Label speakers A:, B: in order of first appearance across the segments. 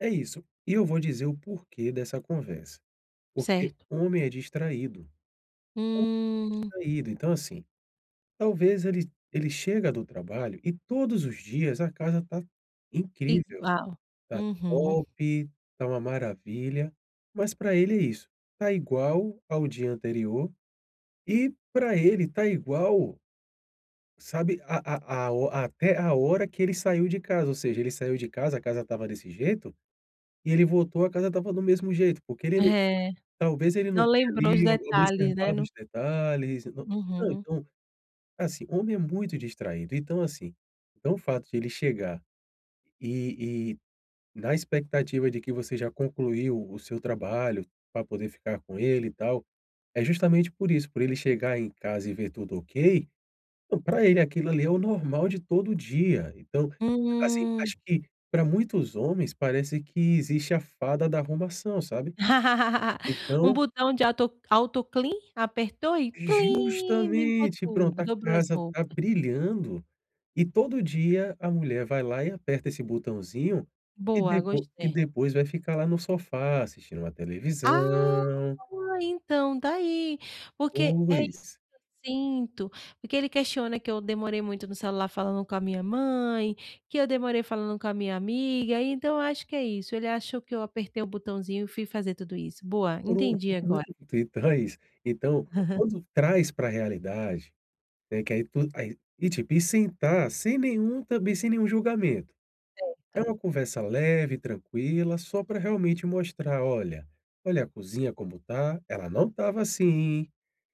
A: É isso. E eu vou dizer o porquê dessa conversa. Porque
B: Certo.
A: homem é distraído. Ho
B: Hum.
A: distraído. Então, assim. Talvez ele ele chega do trabalho e todos os dias, a casa tá incrível,
B: Igual.
A: tá
B: Uhum.
A: top, tá uma maravilha. Mas pra ele é isso. Tá igual ao dia anterior, e pra ele tá igual, sabe a a a ho até a hora que ele saiu de casa, ou seja, ele saiu de casa, a casa estava desse jeito, e ele voltou, a casa estava do mesmo jeito. Porque ele não
B: É.
A: talvez ele não
B: Não
A: tenha,
B: lembrou os
A: ali, o
B: detalhes, né.
A: observado
B: No
A: os detalhes e, não
B: Uhum.
A: [unintelligible] assim, homem é muito distraído. Então, assim. Então, o fato de ele chegar, e e na expectativa de que você já concluiu o seu trabalho, pra poder ficar com ele e tal, é justamente por isso. Por ele chegar em casa e ver tudo ok, então, pra ele aquilo ali é o normal de todo dia. Então, assim,
B: Hum.
A: acho que pra muitos homens parece que existe a fada da arrumação, sabe.
B: Um
A: Então
B: botão de auto auto-clean. Apertou e clean, limpou
A: Justamente. Pronto,
B: tudo.
A: a
B: Dobrou as
A: casa tá
B: roupa.
A: brilhando, e todo dia a mulher vai lá e aperta esse botãozinho, e
B: Boa.
A: depo e
B: Gostei.
A: depois vai ficar, lá, no sofá, assistindo uma
B: Ah,
A: televisão.
B: boa, então, tá aí. Porque é isso
A: Pois.
B: que eu sinto. Porque ele questiona que eu demorei muito no celular falando com a minha mãe. Que eu demorei falando com a minha amiga. Então, eu acho que é isso. Ele achou que eu apertei o botãozinho e fui fazer tudo isso. Boa.
A: Pronto.
B: Entendi, agora.
A: [unintelligible] Então, é isso. Então, quando traz para a realidade, né, que aí tudo aí e, tipo, e sentar sem nenhum também sem nenhum julgamento. É
B: Certo.
A: uma conversa leve, tranquila, só pra, realmente, mostrar, "Olha, olha a cozinha como tá. Ela não estava assim.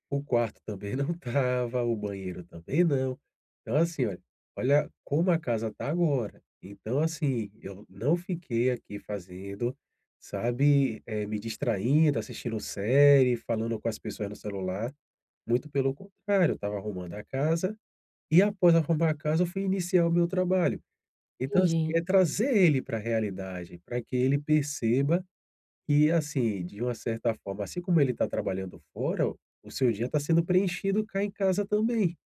A: O quarto também não estava. O banheiro também não. Então, assim, olha olha como a casa tá agora. Então, assim, eu não fiquei aqui fazendo, sabe, eh, me distraindo, assistindo série, falando com as pessoas no celular. Muito pelo contrário. Eu estava arrumando a casa, e após arrumar a casa, eu fui iniciar o meu trabalho." Então, assim,
B: Entendi.
A: é trazer ele para a realidade, pra que ele perceba que, assim, de uma certa forma, assim como ele tá trabalhando fora, o seu dia tá sendo preenchido cá em casa também.